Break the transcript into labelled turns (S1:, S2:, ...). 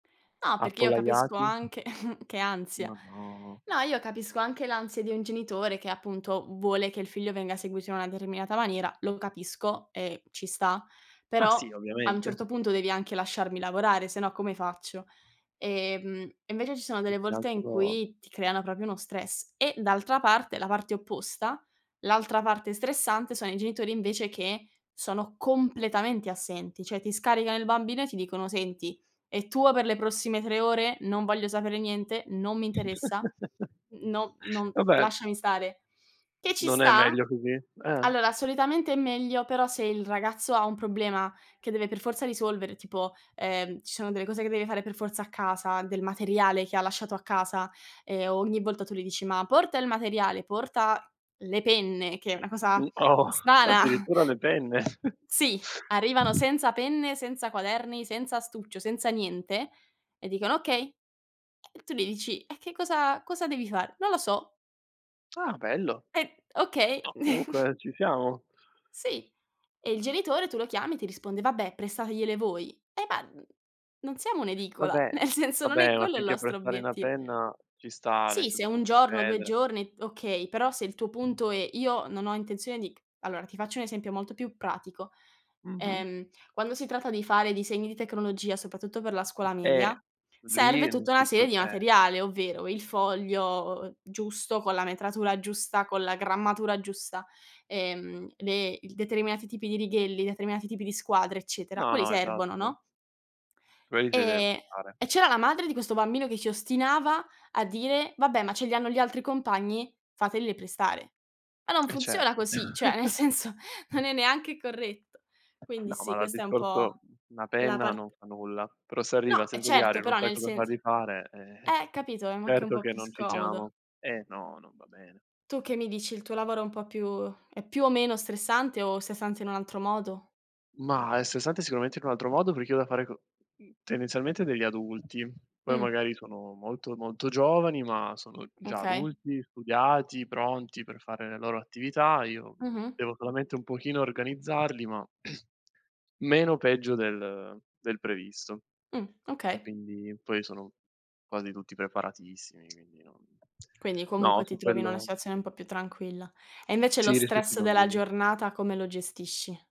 S1: No, perché io capisco
S2: Appollaiati.
S1: anche che ansia.
S2: Ma no.
S1: No, io capisco anche l'ansia di un genitore che appunto, vuole che il figlio venga seguito in una determinata maniera, lo capisco e ci sta;
S2: Ma
S1: però
S2: sì,
S1: a un
S2: ovviamente.
S1: certo punto devi anche lasciarmi lavorare, se no, come faccio? Ehm, e invece ci sono
S2: Più
S1: delle
S2: che
S1: volte in
S2: altro
S1: cui ti creano proprio uno stress. E d'altra parte, la parte opposta, l'altra parte stressante sono i genitori invece che sono completamente assenti, cioè ti scaricano il bambino e ti dicono: "Senti, è tuo per le prossime 3 ore. Non voglio sapere niente, non mi interessa, no non
S2: Vabbè
S1: lasciami stare." Che ci
S2: non è
S1: sta.
S2: meglio così? Eh.
S1: Allora solitamente è meglio, però se il ragazzo ha un problema che deve per forza risolvere tipo, ehm, ci sono delle cose che deve fare per forza a casa, del materiale che ha lasciato a casa, e ogni volta tu gli dici: "Ma porta il materiale, porta le penne", che è una cosa
S2: Un po'
S1: strana.
S2: addirittura le penne.
S1: Sì, arrivano senza penne, senza quaderni, senza astuccio, senza niente e dicono: "Okay." E tu gli dici: "E che cosa cosa devi fare?" "Non lo so."
S2: Ah, bello.
S1: E okay.
S2: No, comunque non ci siamo.
S1: Sì. E il genitore tu lo chiami e ti risponde: "Vabbè, prestategliele voi." Eh, ma non siamo un'edicola,
S2: Vabbè,
S1: nel senso non è
S2: vabbè, ma
S1: quello il
S2: finché è
S1: nostro
S2: prestare una
S1: obietti
S2: penna ci sta, nel
S1: Sì, se
S2: senso può
S1: 1 giorno, 2
S2: succedere.
S1: giorni, okay, però se il tuo punto è: "Io non ho intenzione di c" allora, ti faccio un esempio molto più pratico.
S2: Mh-mh.
S1: Ehm, quando si tratta di fare disegni di tecnologia, soprattutto per la scuola
S2: Eh,
S1: media,
S2: lì
S1: serve
S2: non
S1: tutta una
S2: ci so
S1: serie di
S2: eh.
S1: materiale, ovvero il foglio giusto con la metratura giusta, con la grammatura giusta, ehm, le il determinati tipi di righelli, determinati tipi di squadre eccetera,
S2: No,
S1: quelli
S2: no.
S1: servono,
S2: Esatto.
S1: no?
S2: Quelli se li devi
S1: Ehm,
S2: portare.
S1: e c'era la madre di questo bambino che ci ostinava a dire: "Vabbè, ma ce li hanno gli altri compagni, fatele prestare." Ma non
S2: Eh,
S1: funziona
S2: certo.
S1: così, cioè nel senso, non è neanche corretto. Quindi
S2: No, ma
S1: sì,
S2: allora il
S1: questa è un
S2: discorso
S1: po'
S2: mhmm, una
S1: la
S2: penna
S1: part
S2: non fa nulla. Però se
S1: No,
S2: arriva
S1: eh
S2: senza
S1: certo,
S2: diario, non
S1: però
S2: sai
S1: nel
S2: cosa
S1: sens
S2: fargli fare, eh-eh-eh.
S1: eh, capito, ma è anche un
S2: Certo
S1: po'
S2: che
S1: più
S2: non ci
S1: scomodo.
S2: siamo. Eh, no, non va bene.
S1: Tu che mi dici? Il tuo lavoro è un po' più è più o meno stressante, o stressante in un altro modo?
S2: Mah, è stressante sicuramente in un altro modo, perché io ho da fare co mhmm, tendenzialmente degli adulti. Poi
S1: Mh.
S2: magari sono molto, molto giovani ma sono già
S1: Okay.
S2: adulti, studiati, pronti per fare le loro attività. Io, mhmm,
S1: Mh-mh.
S2: devo solamente un pochino organizzarli ma meno peggio del del previsto.
S1: Mh. Okay.
S2: Quindi poi sono quasi tutti preparatissimi, quindi non
S1: Quindi,
S2: no
S1: comunque
S2: su
S1: ti trovi in una
S2: quello
S1: situazione un po' più tranquilla. E invece lo
S2: Sì rispetto ai
S1: stress della
S2: bambini, sì.
S1: giornata come lo gestisci?